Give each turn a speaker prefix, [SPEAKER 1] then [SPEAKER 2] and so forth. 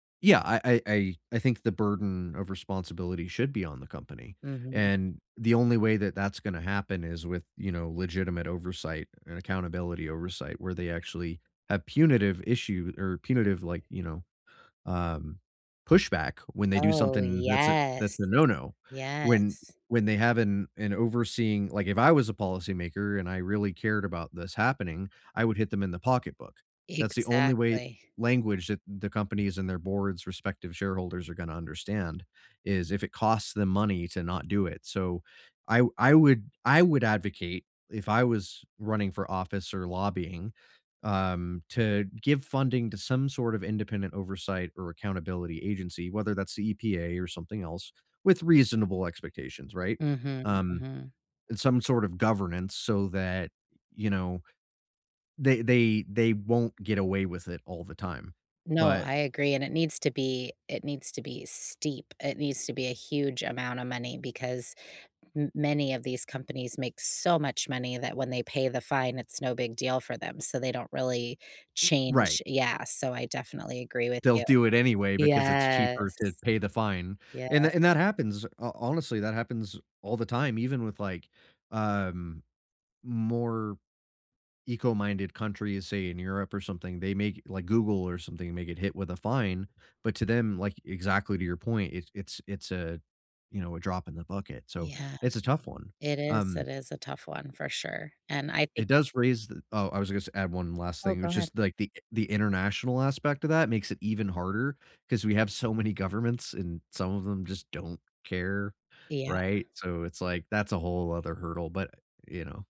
[SPEAKER 1] Yeah, I I I I think the burden of responsibility should be on the company,
[SPEAKER 2] Mhm.
[SPEAKER 1] and the only way that that's gonna happen is with, you know, legitimate oversight and accountability oversight where they actually have punitive issue or punitive, like, you know, um, pushback when they do
[SPEAKER 2] Oh,
[SPEAKER 1] something that's a that's a
[SPEAKER 2] yes.
[SPEAKER 1] no, no. When
[SPEAKER 2] Yes.
[SPEAKER 1] when they have an an overseeing like, if I was a policymaker and I really cared about this happening, I would hit them in the pocketbook. That's the only way
[SPEAKER 2] Exactly.
[SPEAKER 1] language that the companies and their boards' respective shareholders are gonna understand, is if it costs them money to not do it, so, I w I would I would advocate if I was running for office or lobbying, um, to give funding to some sort of independent oversight or accountability agency, whether that's the EPA or something else, with reasonable expectations, right,
[SPEAKER 2] Mhm,
[SPEAKER 1] um,
[SPEAKER 2] mhm.
[SPEAKER 1] and some sort of governance so that, you know, they they they won't get away with it all the time,
[SPEAKER 2] No,
[SPEAKER 1] but
[SPEAKER 2] I agree, and it needs to be it needs to be steep, it needs to be a huge amount of money because m many of these companies make so much money that when they pay the fine, it's no big deal for them, so they don't really
[SPEAKER 1] Right.
[SPEAKER 2] change yeah, so, I definitely agree with
[SPEAKER 1] They'll
[SPEAKER 2] you.
[SPEAKER 1] do it anyway because it's cheaper
[SPEAKER 2] Yes.
[SPEAKER 1] to pay the fine,
[SPEAKER 2] Yeah.
[SPEAKER 1] and th and that happens. Ho honestly, that happens all the time even with, like, um, more eco-minded countries, say, in Europe or something, they may g like, Google or something may get hit with a fine, but to them, like exactly to your point, it's it's it's a, you know, a drop in the bucket, so,
[SPEAKER 2] Yeah.
[SPEAKER 1] it's a tough one,
[SPEAKER 2] It is
[SPEAKER 1] um
[SPEAKER 2] it is a tough one for sure, and I think
[SPEAKER 1] it does raise th oh, I was gonna say add one last
[SPEAKER 2] Oh,
[SPEAKER 1] thing,
[SPEAKER 2] go
[SPEAKER 1] which is
[SPEAKER 2] ahead.
[SPEAKER 1] like, the the international aspect of that makes it even harder because we have so many governments, and some of them just don't care,
[SPEAKER 2] Yeah.
[SPEAKER 1] right, so, it's like that's a whole other hurdle, but you know?